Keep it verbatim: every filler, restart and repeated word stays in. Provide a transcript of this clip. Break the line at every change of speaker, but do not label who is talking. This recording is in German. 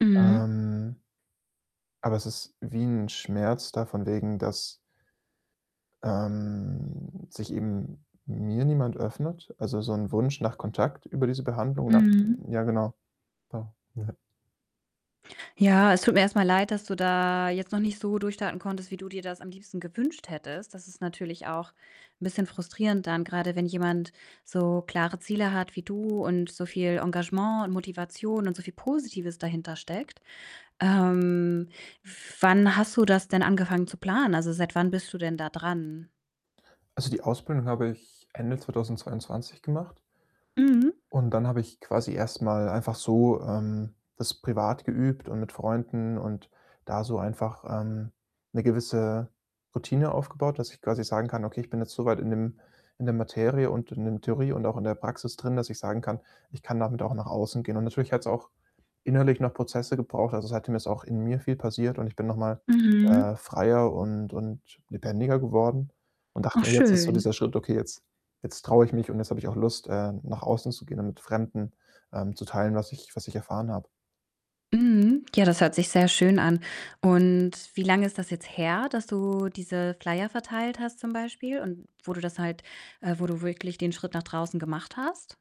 Mhm.
Ähm Aber es ist wie 'n Schmerz da, von wegen, dass ähm, sich eben mir niemand öffnet? Also, so 'n Wunsch nach Kontakt über diese Behandlung nach
Mhm.
ja, genau, pa mhm.
Ja, es tut mir erst mal leid, dass du da jetzt noch nicht so durchstarten konntest, wie du dir das am liebsten gewünscht hättest. Das ist natürlich auch 'n bisschen frustrierend dann, grade wenn jemand so klare Ziele hat wie du und so viel Engagement und Motivation und so viel Positives dahintersteckt. Ähm, wann hast du das denn angefangen zu planen? Also, seit wann bist du denn da dran?
Also, die Ausbildung habe ich Ende zweitausendzweiundzwanzig gemacht.
Mhm.
Und dann habe ich quasi erst mal einfach so, ähm, das privat geübt und mit Freunden und da so einfach, ähm, 'ne gewisse Routine aufgebaut, dass ich quasi sagen kann: „Okay, bin jetzt so weit in dem in der Materie und in dem Theorie und auch in der Praxis drin, dass ich sagen kann, 'ich kann damit auch nach außen gehen'.“ Und natürlich hat's auch innerlich noch Prozesse gebraucht. Also, seitdem ist auch in mir viel passiert und ich bin noch mal, äh,
Mhm.
freier und und lebendiger geworden und dachte
Och
mir: „Jetzt ist so
schön.
dieser Schritt, okay, jetzt jetzt traue ich mich und jetzt habe ich auch Lust, äh, nach außen zu gehen und mit Fremden, ähm, zu teilen, was ich was ich erfahren habe.“
Mhm, ja, das hört sich sehr schön an und wie lange ist das jetzt her, dass du diese Flyer verteilt hast zum Beispiel und wo du das halt äh, wo du wirklich den Schritt nach draußen gemacht hast?